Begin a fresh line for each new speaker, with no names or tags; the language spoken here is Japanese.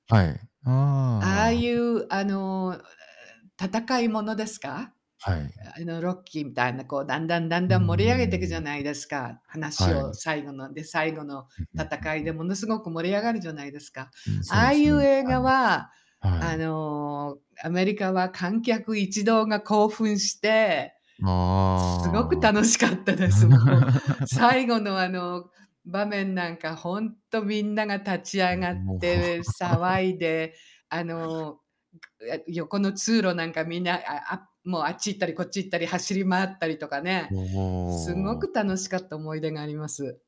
はい。ああ
あ
あ
あ
ああ
い
あ。
う、あの、うえええ戦いものですか？
はい。
あの、ロッキーみたいな、こうだんだんだん
うー
だん盛り上げていくじゃ
ん。
ないですか？話
は
を
い。
最後ので最後の
ふんふんふん
戦い
ふ
で
ん。
ものすごく盛り上がるじゃないですか？
うん、そう
あ
で
あい
す
う
ね。
映
は
画
い。
は、
は
あ
い。
の、アメリカは観客一同が興奮して、すすごく
あ
楽しかった
あ。
です、もう。最後の、あの、場面なんかほんとみんなが立ち
う
上
ん、
がっ
もう。
て、騒いで、あの、くえ横の通路なんかみんな、ああもう、あっち行ったりこっち行ったり、走り回ったりとかね、
うお
すご
お
く
お。
楽しかった思い出があります。